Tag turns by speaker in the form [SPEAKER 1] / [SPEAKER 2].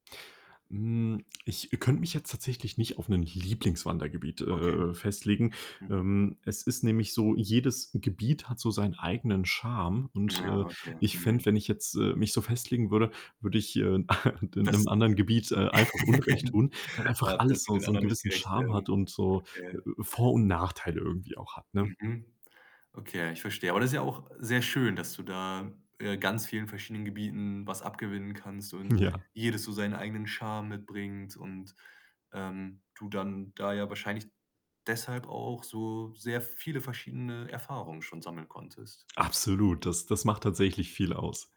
[SPEAKER 1] Hm, ich könnte mich jetzt tatsächlich nicht auf 'nen Lieblings-Wandergebiet,
[SPEAKER 2] Okay.
[SPEAKER 1] äh, äh, festlegen.
[SPEAKER 2] Mhm.
[SPEAKER 1] Ähm, es ist nämlich so, jedes Gebiet hat so sein eigenen Charme. Und,
[SPEAKER 2] Ja,
[SPEAKER 1] äh,
[SPEAKER 2] okay,
[SPEAKER 1] ich fände,
[SPEAKER 2] mhm.
[SPEAKER 1] wenn ich jetzt, äh, mich so festlegen würde, würde ich, äh, de
[SPEAKER 2] Das
[SPEAKER 1] 'nem anderen Gebiet, äh, einfach Unrecht
[SPEAKER 2] ja,
[SPEAKER 1] tun, weil einfach
[SPEAKER 2] das
[SPEAKER 1] alles
[SPEAKER 2] wird
[SPEAKER 1] so
[SPEAKER 2] den
[SPEAKER 1] so 'n
[SPEAKER 2] anderen nicht
[SPEAKER 1] gewissen
[SPEAKER 2] gerecht
[SPEAKER 1] Charme
[SPEAKER 2] werden.
[SPEAKER 1] hat und so, äh
[SPEAKER 2] Okay.
[SPEAKER 1] äh, Vor und Nachteile irgendwie auch hat, ne?
[SPEAKER 2] Mhm. Okay ja, ich verstehe. Aber das ist ja auch sehr schön, dass du da, äh, ganz vielen verschiedenen Gebieten was abgewinnen kannst
[SPEAKER 1] Hm,
[SPEAKER 2] und
[SPEAKER 1] ja.
[SPEAKER 2] jedes so seinen eigenen Charme mitbringt und, ähm, du dann da ja wahrscheinlich deshalb auch so sehr viele verschiedene Erfahrungen schon sammeln konntest.
[SPEAKER 1] Absolut, das das macht tatsächlich viel aus.